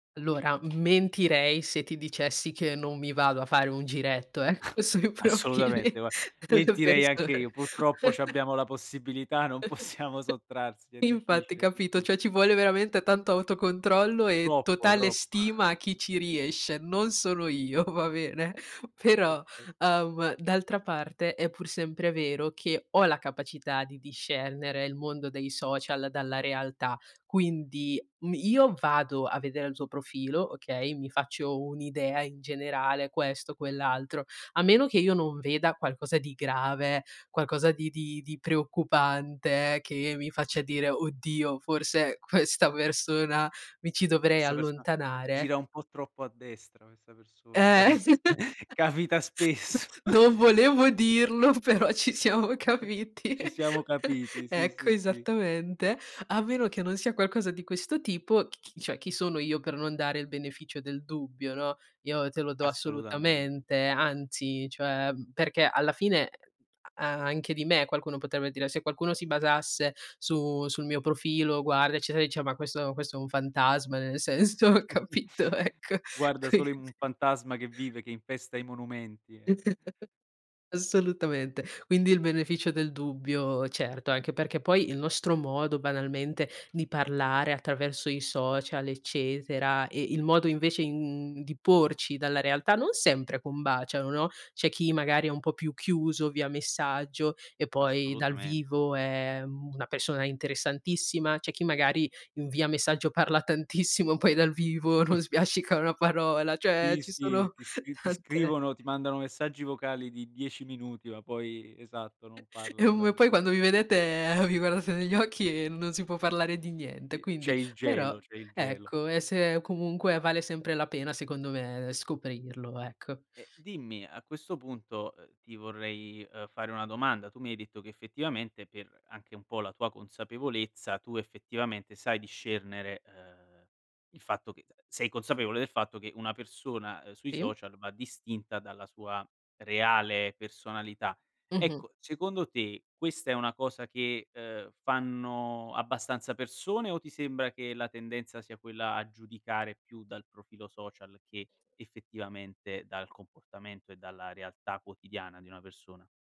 Allora, m mentirei se ti dicessi che non mi vado a fare un giretto, ecco, sui Assolutamente, profili gua delle mentirei anche persone. io. Purtroppo, c'abbiamo la possibilità, non possiamo sottrarsi, è Infatti, difficile, è capito, diffic cioè ci vuole veramente tanto autocontrollo, e Troppo, totale troppo. stima a chi ci riesce, non sono io, va bene? Però, Perfetto. uhm, d'altra parte, è pur sempre vero che ho la capacità di discernere il mondo dei social dalla realtà, quindi m io vado a vedere il tuo profilo, okay, mi faccio un'idea in generale, questo, quell'altro, a meno che io non veda qualcosa di grave, qualcosa di di di preoccupante che mi faccia dire: "Oddio, forse questa persona mi ci Cos dovrei questa persona allontanare" gira un po' troppo a destra questa persona, Eh, capi es capita spesso. non [unintelligible] volevo dirlo, però ci Eh, siamo eh, capiti. ci siamo capiti, sì, Ecco, sì, sì. esattamente. A meno che non sia qualcosa di questo tipo, c chi cioè, chi sono io per non dare il beneficio del dubbio, no, io te lo do Assolutamente. assolutamente, anzi, cioè, mhmm, perché, alla fine, uhm, a anche di me qualcuno potrebbe dire se qualcuno si basasse su sul mio profilo, guarda, eccetera, ecc dice: "Ma questo questo è un fantasma", nel senso, capito, ecco, Guarda, quindi solo in un fantasma che vive che infesta i monumenti, eh. Assolutamente. Quindi il beneficio del dubbio, certo, anche perché poi il nostro modo, banalmente, di parlare attraverso i social, eccetera, e il modo, invece, i mhmm, di porci dalla realtà non sempre combaciano, no? C'è chi magari è un po' più chiuso via messaggio, e poi dal Assolutamente. vivo è, mhmm, una persona interessantissima, c'è chi magari i via messaggio parla tantissimo, poi dal vivo non sbiascica una parola, cioè Sì, ci sì, e sono ti sc ti tante scrivono, ti mandano messaggi vocali di 10 minuti, ma poi esatto, non parlano Ehm, e dal poi vi quando vi vedete vi guardate negli occhi e non si può parlare di niente, I c'è quindi il però gelo, c'è il gelo. ecco, e se comunque vale sempre la pena, secondo me, ehm, scoprirlo, ecco. Ehm, dimmi, a questo punto, uhm, ti vorrei, uhm, fare una domanda. Tu mi hai detto che, effettivamente, per anche un po' la tua consapevolezza, tu effettivamente sai discernere, uhm, il fatto che t sei consapevole del fatto che una persona, uhm, sui E? social va distinta dalla sua reale personalità. Mh-mh. Ecco, secondo te, questa è una cosa che, uhm, fanno abbastanza persone, o ti sembra che la tendenza sia quella a giudicare più dal profilo social che effettivamente dal comportamento e dalla realtà quotidiana di una persona?